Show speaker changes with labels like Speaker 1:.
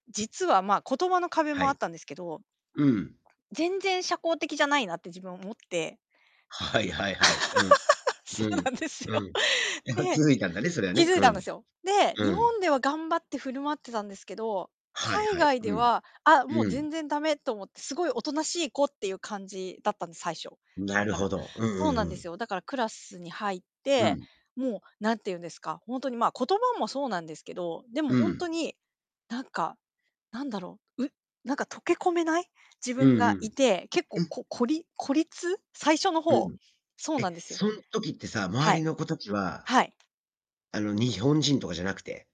Speaker 1: 実はま、言葉の壁
Speaker 2: は
Speaker 1: もあっ
Speaker 2: い。
Speaker 1: たんですけど
Speaker 2: うん。
Speaker 1: 全然社交的じゃないなって自分は思って
Speaker 2: はいはいはい。うん。
Speaker 1: そ
Speaker 2: う
Speaker 1: う
Speaker 2: ん。
Speaker 1: なんですよ。
Speaker 2: うん。
Speaker 1: で、
Speaker 2: 気づいたんだね、それは
Speaker 1: 気
Speaker 2: ね。
Speaker 1: づい
Speaker 2: う
Speaker 1: たんで
Speaker 2: ん。
Speaker 1: すよ。で、
Speaker 2: う
Speaker 1: 日
Speaker 2: ん。
Speaker 1: 本では頑張って振る舞ってたんですけど、
Speaker 2: はい
Speaker 1: 海
Speaker 2: はい。
Speaker 1: 外で
Speaker 2: うん。
Speaker 1: は「あ、もう
Speaker 2: う
Speaker 1: 全
Speaker 2: ん。
Speaker 1: 然駄目」と思って、すごいおとなしい子っていう感じだったんです、最初。
Speaker 2: な
Speaker 1: だ
Speaker 2: る
Speaker 1: か
Speaker 2: ほ
Speaker 1: ら
Speaker 2: ど。うんう
Speaker 1: そうなん
Speaker 2: ん
Speaker 1: で
Speaker 2: う
Speaker 1: す
Speaker 2: ん。
Speaker 1: よ、だからクラスに入っ
Speaker 2: う
Speaker 1: て、
Speaker 2: ん。
Speaker 1: もう何て言うんですか、ほんとにまあ、言葉もそうなんですけど、でも
Speaker 2: う
Speaker 1: ほんと
Speaker 2: ん。
Speaker 1: に、なんか、なんだろう、うなんか溶け込めない自
Speaker 2: うん
Speaker 1: 分
Speaker 2: う
Speaker 1: がい
Speaker 2: ん。
Speaker 1: て、結
Speaker 2: う
Speaker 1: 構
Speaker 2: ん。
Speaker 1: ここり孤立、最初の
Speaker 2: う
Speaker 1: ほ
Speaker 2: ん。
Speaker 1: う、そうな
Speaker 2: え、
Speaker 1: んですよ。
Speaker 2: そん時ってさ、周
Speaker 1: はい。
Speaker 2: りの子たちは、
Speaker 1: はい。
Speaker 2: あの日本人とかじゃなくて。